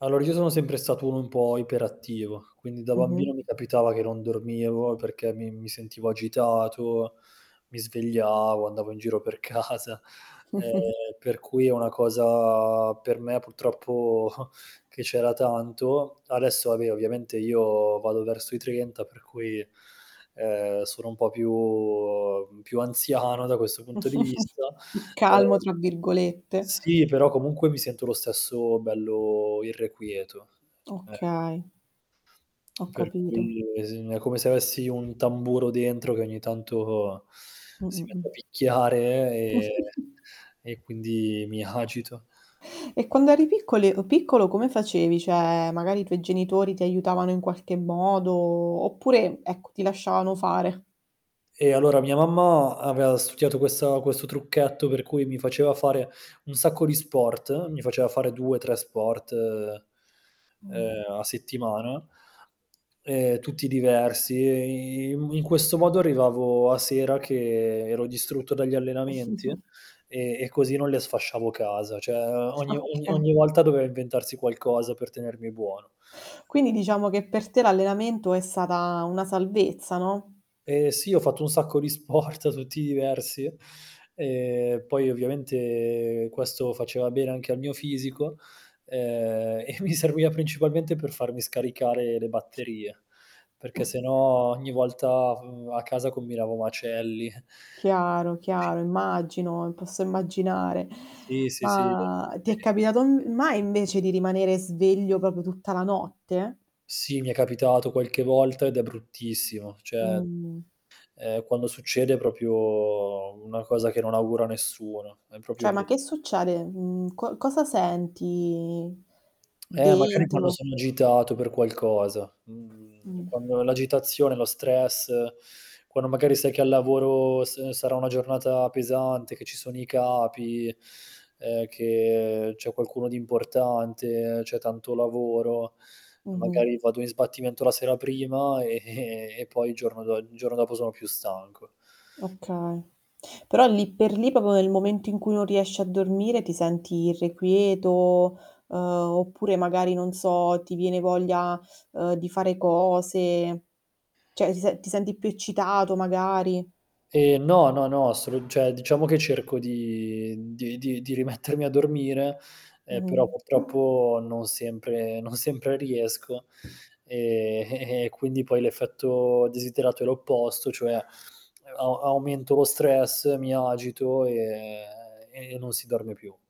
Allora, io sono sempre stato uno un pò iperattivo, quindi da bambino Mh-mh. mi capitava che non dormivo perché mi mi sentivo agitato, mi svegliavo, andavo in giro per casa, ehm, per cui è una cosa per me purtroppo che c'era tanto. Adesso va beh ovviamente io vado verso i 30, per cui, ehm, sono un po' più più anziano da questo punto di vista. "Calmo" Ehm, tra virgolette. sì, però comunque mi sento lo stesso bello irrequieto. Ecco. Okay. Ho capito. [unintelligible] è come se avessi un tamburo dentro che ogni tanto si Mh-mh, mette a mh. picchiare e e quindi mi agito. E quando eri piccoli piccolo come facevi? Cioè, magari i tuoi genitori ti aiutavano in qualche modo, oppure, ecco ti lasciavano fare? Eh, allora mia mamma aveva studiato questa questo trucchetto per cui mi faceva fare un sacco di sport, mi faceva fare 2, 3 sport, Mh. ehm, a settimana ehm, tutti diversi e in questo modo arrivavo a sera che ero distrutto dagli allenamenti e e così non le sfasciavo casa, cioè ogni ogni Okay. ogni volta doveva inventarsi qualcosa per tenermi buono. Quindi diciamo che per te l'allenamento è stata una salvezza, no? Eh sì, ho fatto un sacco di sport tutti diversi e poi ovviamente questo faceva bene anche al mio fisico, ehm, e mi serviva principalmente per farmi scaricare le batterie, perché se no ogni volta v a casa combinavo macelli. Chiaro, Sì. chiaro, immagino, e posso immaginare. Sì sì sì. [unintelligible] Ma, ti è ver capitato n mai invece di rimanere sveglio proprio tutta la notte? Sì, mi è capitato qualche volta ed è bruttissimo, cioè, Mh. ehm, quando succede è proprio una cosa che non auguro a nessuno, è proprio Cioè, ma bru che succede? Mhmm, co cosa senti Eh, magari quando dentro? sono agitato per qualcosa, mhmm, Mh. quando l'agitazione, lo stress, quando magari sai che al lavoro s sarà una giornata pesante, che ci sono i capi, ehm, che c'è qualcuno di importante, c'è tanto lavoro, e Mh-mh. magari vado in sbattimento la sera prima e e, poi il giorno dopo sono più stanco. Okay, però lì per lì, proprio nel momento in cui non riesci a dormire ti senti irrequieto, ehm, oppure magari, non so ti viene voglia di fare cose, cioè ti se ti senti più eccitato magari? Ehm, no, no, no, solo cioè diciamo che cerco di di di di rimettermi a dormire, ehm, però Mh-mh. purtroppo non sempre non sempre riesco, e e e e quindi poi l'effetto desiderato è l'opposto, cioè a a aumento lo stress, mi agito e e non si dorme più.